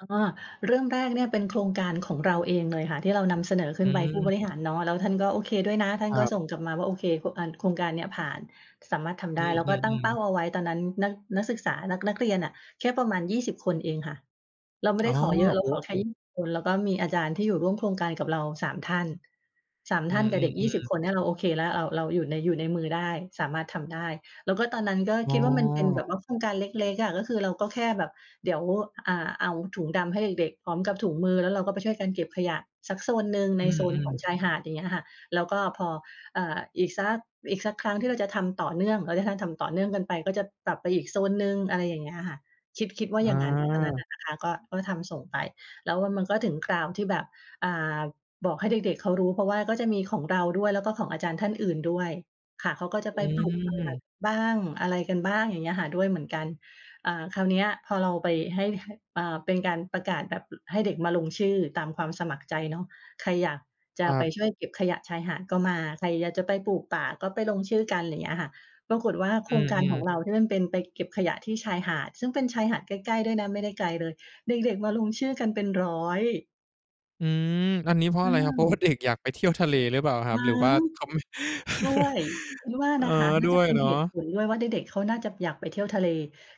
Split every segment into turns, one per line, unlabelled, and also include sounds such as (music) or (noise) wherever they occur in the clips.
อ้อ เรื่องแรกเนี่ยเป็นโครงการของเราเองเลยค่ะที่เรานำเสนอข
อ
ึ้นไปผู้บ
ืม
ริหารเนาะ แล้วท่านก็โอเคด้วยนะ ท่า
ค
น
ร
ก็
ับ
ส่งกลับมาว่า โอเค ค อา โครงการเนี้ยผ่าน สามารถทำ
อื
ได้ แล้วก็ตั้ง
อ
เป้
ๆ ๆ
าเอาไว้ตอนนั้น นัก นักศึกษา นัก นักเรียนน่ะแค่ประมาณ 20 คนเองค่ะ เราไม่
อ๋
ไ
อ
ด้ขอเยอะ เร
โอ
า
้
ขอแ
โ
ค่ ย
ฮ
ี่สิบ คน แล้วก็มีอาจารย์ที่อยู่ร่วมโครงการกับเรา 3 ท่าน 3
อื
ท่านกับเด็ก ยี่ส
อ
ิบ
ๆ ๆ
คนเนี่ยเราโอเคแล้ว เรา เราอยู่ใน อยู่ในมือได้ สามารถทำได้ แล้วก็ตอนนั้นก็
อ๋
คิ
อ
ดว่ามันเป็นแบบว่าโครงการเล็ก ๆ อะ ก็คือเราก็แค่แบบเดี๋ยว อ่า เอาถุงดำให้เด็ก ๆ พร้อมกับถุงมือ แล้วเราก็ไปช่วยกันเก็บขยะสักโซนหนึ่งใ
อ
น
ื
โซนขอ
ม
ง
ๆ
ชายหาด ยังเงี้ยอะค่ะ แล้วก็พอ อ่า อีกสัก อีกสักครั้งที่เราจะทำต่อเนื่อง ก็จะให้ทำต่อเนื่องกันไป ก็จะปรับไปอีกโซนหนึ่ง อะไรอย่างเงี้ยค่ะ คิด คิดว่า
อ
อย่างนั้น ตอนนั้นอ
า
ะนะคะ ก็ ก็ทำส่งไป แล้วมันก็ถึงคราวที่แบบ อ่า บอกให้เด็ก ๆ เขารู้ เพราะว่าก็จะมีของเราด้วย แล้วก็ของอาจารย์ท่านอื่นด้วย ค่ะ เขาก็จะ
อ
ไปปลูกป่า
ืม
บ้าง อะไรกันบ้าง อย่างเงี้ยค่ะ ด้วยเหมือนกัน อ่า คราวเนี้ยพอเราไปให้ ให้ อ่า เป็นการประกาศแบบ อ ให้เด็กมาลงชื่อตามความสมัครใจเนาะ ใครอยากจ
ค
ะ
รั
ไป
บ
ช่วยเก็บขยะชายหาดก็มา ใครอยากจะไปปลูกป่าก็ไปลงชื่อกัน อะไรอย่างเงี้ยค่ะ ปรากฏว่าโ
อ
ค
ื
รงการข
อ
อง
ๆ
เราที่มันเป็นไปเก็บขยะที่ชายหาด ซึ่งเป็นชายหาดใกล้ ๆ ด้วยนะ ไม่ได้ไกลเลย เด็ก ๆ มาลงชื่อกันเป็น 100
อืม อันนี้เพราะ
อื
อะไรครับ เพราะว่
ม
า เด็ก อยากไปเที่ยวทะเลหรือเปล่าคร
ม
ับ?
ั้
หรือว่
ง
าเขาไม่
ด้วย
(laughs)
คิดว่า
เออ
นะคะ น่
ด
า
้
จ
ว
ะ
ย
เป็น
เนา
เ
ะ
หตุผลด้วยว่าเด็ก ๆ เขาน่าจะอยากไปเที่ยวทะเล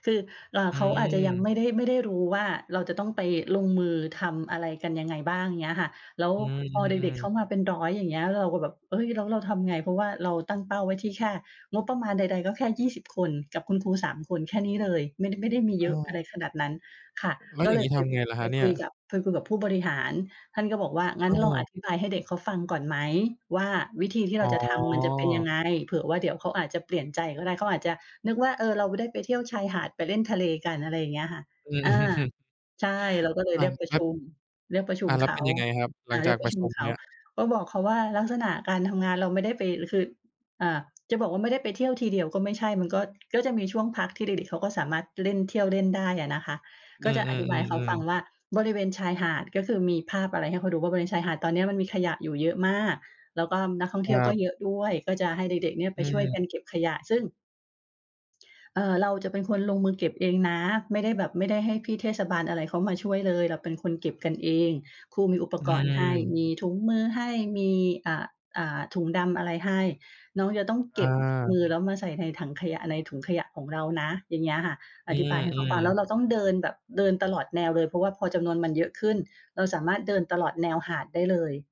คือ อ่า
อื
เขาอาจจะยัง
ม
ไม่ได้ ไม่ได้รู้ว่าเราจะต้องไปลงมือทำอะไรกันยังไงบ้าง อย่างเงี้ยค่ะ แล้ว
อื
พอเด็
ม
ก ๆ เข
ๆ ๆ
ามาเป็น 100 อย่างเงี้ย เราก็แบบ "เฮ้ย แล้วเราทำไง?" เพราะว่าเราตั้งเป้าไว้ที่แค่งบประมาณใด ๆ ก็แค่ 20 คนกับคุณครู 3 คน แค่นี้เลย ไม่ ด ไม่ได้มีเย
อ
อ
า
ะ อะไรขนาดนั้น ค่ะ
แล้ว
ก็
อย่
เล
างงี
ย
้
ไ
ท
ป
ำไงล่ะค
ไป
รับเนี
ค
่
ุ
ย?
ยกับ ไปคุยกับผู้บริหาร ท่านก็บอกว่า "งั้
อ
นลองอ
า
ธิบายให้เด็กเขาฟังก่อนไหมว่าวิธีที่
อ
เ
๋
ราจะทำมันจะเป็นยัง
อ
ไง เผื่อว่าเดี๋ยวเขาอาจจะเปลี่ยนใจก็ได้" เขาอาจจะนึกว่า "เออ เราได้ไปเที่ยวชายหาด ไปเล่นทะเลกัน" อะไรอย่างเงี้ยค่ะ
อืม
อา
อือ
ใช่ เราก็เล
อ
ย
า
เรียกปร
ค
ะ
ร
ช
ับ
ุม เรียกประชุ
อา
ม
แล้
เ
ว
ข
เป
า
็นยังไงครับ? หล
อ
ั
า
ง
เร
จ
ี
า
ย
ก
กป
ป
ระ
ระ
ช
ช
ุม
ุม
เข
เ
า
นี่ย
ก็บอกเขาว่าลักษณะการทำงานเราไม่ได้ไป คือ อ่า จะบอกว่าไม่ได้ไปเที่ยวทีเดียวก็ไม่ใช่ มันก็ ก็จะมีช่วงพักที่เด็ก ๆ เขาก็สามารถเล่น เที่ยวเล่นได้อะนะคะ
อ
ก
ื
็จะอธิบายให้เขา
อ
ฟั
ๆ
ง
ๆ ๆ
ว่า "บริเวณชายหาด" ก็คือมีภาพอะไรให้เขาดูว่า "บริเวณ ชายหาดตอนเนี้ยมันมีขยะอยู่เยอะมาก แล้วก็นักท่อง
ค
เที่
ร
ยว
ั
ก็
บ
เยอะด้วย ก็จะให้เด็ก ๆ เนี่ย
อ
ไป
ื
ช่วยก
ม
ันเก็บขยะ" ซึ่ง เอ่อ "เราจะเป็นคนลงมือเก็บเองนะ ไม่ได้แบบ ไม่ได้ให้พี่เทศบาลอะไรเขามาช่วยเลย เราเป็นคนเก็บกันเอง ครูมีอุป
อื
กรณ์ให้
ม
มีถุงมือให้ มี อ่า อ่า ถุงดำอะไรให้ น้องจะต้อง
อ
เก็บม
า
ือแล้วมาใส่ในถังขยะ ในถุงขยะของเรานะ" อย่างเงี้ยค่ะ
อ
อ
ื
ธิบายให้เขาฟ
ม
ัง แล้ว
ๆ
เราต้องเดินแบบเดินตลอดแนวเลย เพราะว่าพอจำนวนมันเยอะขึ้น เราสามารถเดินตลอดแนวหาดได้เลย